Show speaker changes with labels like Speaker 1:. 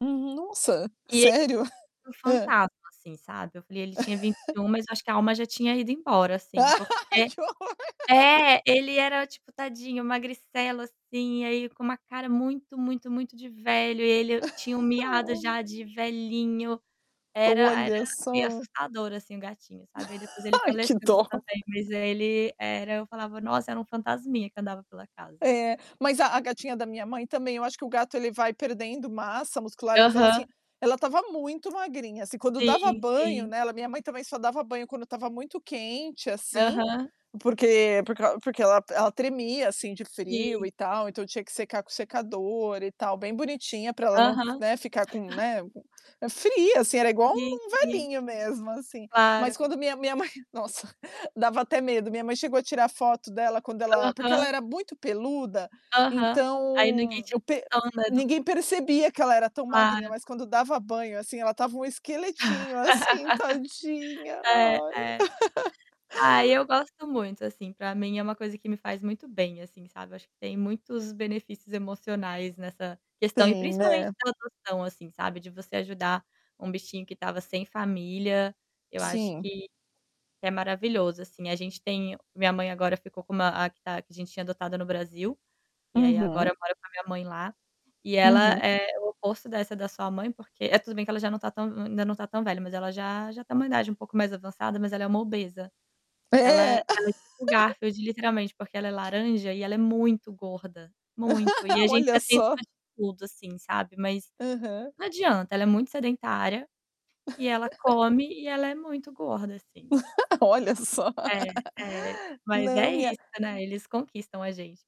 Speaker 1: Uhum. Nossa!
Speaker 2: E ele
Speaker 1: Sério?
Speaker 2: um
Speaker 1: Hã.
Speaker 2: fantasma, assim, sabe. Eu falei: "Ele tinha vinte um mas eu acho que a alma já tinha ido embora", assim, porque
Speaker 1: Que horror.
Speaker 2: É, ele era o tipo, tadinho, magricela assim, e aí, com uma cara muito, muito, muito de velho e ele tinha um miado
Speaker 1: Olha.
Speaker 2: já de velhinho, era era
Speaker 1: Olha
Speaker 2: meio
Speaker 1: só.
Speaker 2: assustador, assim, o gatinho, sabe. Aí, depois ele
Speaker 1: Ai,
Speaker 2: faleceu
Speaker 1: que dó.
Speaker 2: também mas ele era eu falava: "Nossa, era um fantasminha que andava pela casa".
Speaker 1: É, mas a a gatinha da minha mãe também eu acho que o gato ele vai perdendo massa muscular, mas ela assim,
Speaker 2: Aham.
Speaker 1: ela estava muito magrinha assim, quando dava
Speaker 2: Sim,
Speaker 1: banho
Speaker 2: sim.
Speaker 1: nela minha mãe também só dava banho quando estava muito quente, assim,
Speaker 2: Aham.
Speaker 1: porque por crau porque ela ela tremia, assim, de frio
Speaker 2: Sim.
Speaker 1: e tal, então tinha que secar com o secador e tal, bem bonitinha pra ela não,
Speaker 2: Aham.
Speaker 1: né, ficar com né, fria assim, era igual
Speaker 2: Sim,
Speaker 1: um
Speaker 2: sim.
Speaker 1: velhinho mesmo, assim. Mas
Speaker 2: Claro.
Speaker 1: quando minha minha mãe nossa, dava até medo, minha mãe chegou a tirar foto dela quando ela porque ela
Speaker 2: Aham.
Speaker 1: era muito peluda,
Speaker 2: Aham, ai ninguém
Speaker 1: então,
Speaker 2: te
Speaker 1: eu per
Speaker 2: toma do
Speaker 1: ninguém percebia que ela era tão magrinha,
Speaker 2: Claro.
Speaker 1: mas quando dava banho, assim, ela estava um esqueletinho assim, tadinha,
Speaker 2: É,
Speaker 1: ai.
Speaker 2: é. Ai, eu gosto muito, assim. Pra mim é uma coisa que me faz muito bem, assim, sabe, acho que tem muitos benefícios emocionais nessa questão e
Speaker 1: Tem,
Speaker 2: principalmente
Speaker 1: né?
Speaker 2: da adoção, assim, sabe de você ajudar um bichinho que tava sem família, eu acho
Speaker 1: Sim.
Speaker 2: que, é maravilhoso, assim, a gente tem minha mãe agora ficou com uma a que tá a gente tinha adotado no Brasil, e aí agora
Speaker 1: Uhum.
Speaker 2: eu moro com a minha mãe lá, e ela
Speaker 1: Uhum.
Speaker 2: é o oposto dessa da sua mãe porque eh, tudo bem que ela já não tá tão hum, ainda não tá tão velha mas ela já já tem uma idade um pouco mais avançada, mas ela é uma obesa. Ela ela
Speaker 1: É.
Speaker 2: é tipo o Garfield, literalmente, porque ela é laranja e ela é muito gorda, muito e a gente
Speaker 1: Olha
Speaker 2: já tentou
Speaker 1: só.
Speaker 2: de tudo, assim, sabe, mas
Speaker 1: Aham.
Speaker 2: não adianta, ela é muito sedentária, e ela come e ela é muito gorda assim.
Speaker 1: Olha só.
Speaker 2: É. É. Mas
Speaker 1: Não
Speaker 2: é isso,
Speaker 1: minha
Speaker 2: né, eles conquistam a gente.